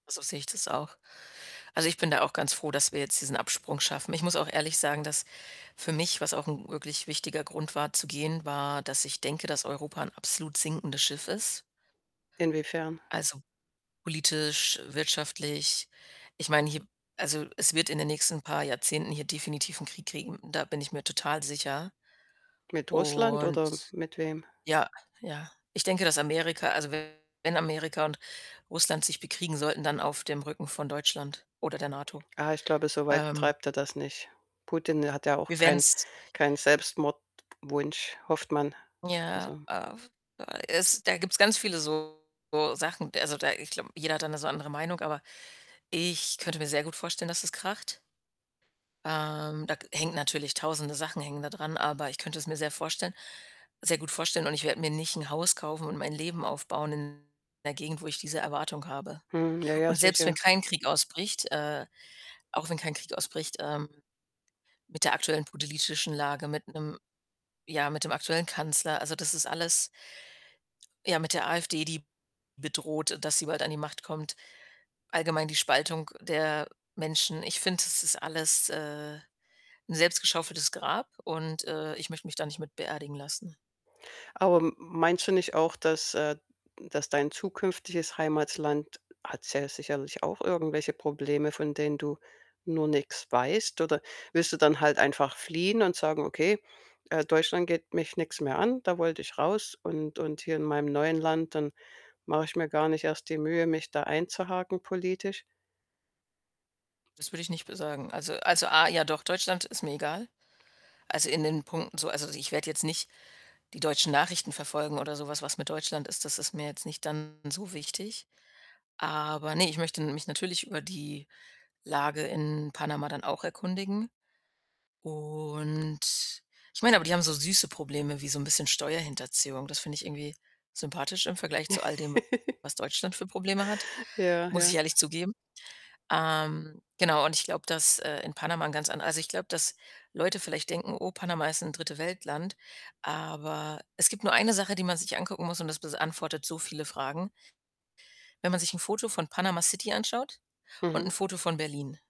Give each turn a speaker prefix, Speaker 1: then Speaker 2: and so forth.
Speaker 1: So sehe ich das auch. Also, ich bin da auch ganz froh, dass wir jetzt diesen Absprung schaffen. Ich muss auch ehrlich sagen, dass für mich was auch 'n wirklich wichtiger Grund war zu gehen, war, dass ich denke, dass Europa ein absolut sinkendes Schiff ist.
Speaker 2: Inwiefern?
Speaker 1: Also, politisch, wirtschaftlich. Ich meine, hier also, es wird in den nächsten paar Jahrzehnten hier definitiv 'n Krieg kriegen, da bin ich mir total sicher.
Speaker 2: Mit Russland oder
Speaker 1: Und
Speaker 2: mit wem?
Speaker 1: Ja, ja. Ich denke, dass Amerika also, wenn Amerika und Russland sich bekriegen sollten, dann auf dem Rücken von Deutschland oder der NATO.
Speaker 2: Ah, ich glaube, so weit
Speaker 1: Ähm
Speaker 2: treibt er das nicht. Putin hat ja auch
Speaker 1: Wir
Speaker 2: keinen
Speaker 1: werden's
Speaker 2: keinen Selbstmordwunsch, hofft man,
Speaker 1: Ja,
Speaker 2: also.
Speaker 1: äh, f äh, es da gibt's ganz viele so Sachen. Also, da ich glaube, jeder hat da 'ne so andere Meinung, aber ich könnte mir sehr gut vorstellen, dass es kracht. Ähm, da hängt natürlich 1.000e Sachen hängen da dran, aber ich könnte es mir sehr vorstellen sehr gut vorstellen, und ich werde mir nicht 'n Haus kaufen und mein Leben aufbauen in 'ner Gegend, wo ich diese Erwartung habe.
Speaker 2: Mhm, ja, ja,
Speaker 1: Und selbst wenn
Speaker 2: sicher.
Speaker 1: kein Krieg ausbricht äh, auch wenn kein Krieg ausbricht, ähm, mit der aktuellen politischen Lage, mit 'nem ja, mit dem aktuellen Kanzler, also, das ist alles ja, mit der AfD, die bedroht, dass sie bald an die Macht kommt, allgemein die Spaltung der Menschen. Ich finde, das ist alles, äh, 'n selbst geschaufeltes Grab und, äh, ich möchte mich da nicht mit beerdigen lassen.
Speaker 2: Aber m meinst du nicht auch, dass, äh dass dein zukünftiges Heimatland hat ja sicherlich auch irgendwelche Probleme, von denen du nur nix weißt? Oder willst du dann halt einfach fliehen und sagen: „Okay, äh, Deutschland geht mich nix mehr an, da wollte ich raus und und hier in meinem neuen Land, dann mache ich mir gar nicht erst die Mühe, mich da einzuhaken politisch.“?
Speaker 1: Das würde ich nicht be sagen. Also also, A ja, doch, Deutschland ist mir egal. Also, in den Punkten so also, ich werde jetzt nicht die deutschen Nachrichten verfolgen oder so was. Was mit Deutschland ist, das ist mir jetzt nicht dann so wichtig. Aber, ne, ich möchte mich natürlich über die Lage in Panama dann auch erkundigen. Und ich meine aber, die haben so süße Probleme wie so 'n bisschen Steuerhinterziehung. Das finde ich irgendwie sympathisch im Vergleich zu all dem, was Deutschland für Probleme hat,
Speaker 2: Ja,
Speaker 1: muss ich
Speaker 2: ja.
Speaker 1: ehrlich zugeben. Ähm, genau und ich glaube, dass, äh, in Panama 'n ganz an also, ich glaube, dass Leute vielleicht denken, „Oh, Panama ist 'n Dritte-Welt-Land“, aber es gibt nur 1 Sache, die man sich angucken muss, und das beantwortet so viele Fragen. Wenn man sich 'n Foto von Panama City anschaut und 'n
Speaker 2: Mhm.
Speaker 1: Foto von Berlin.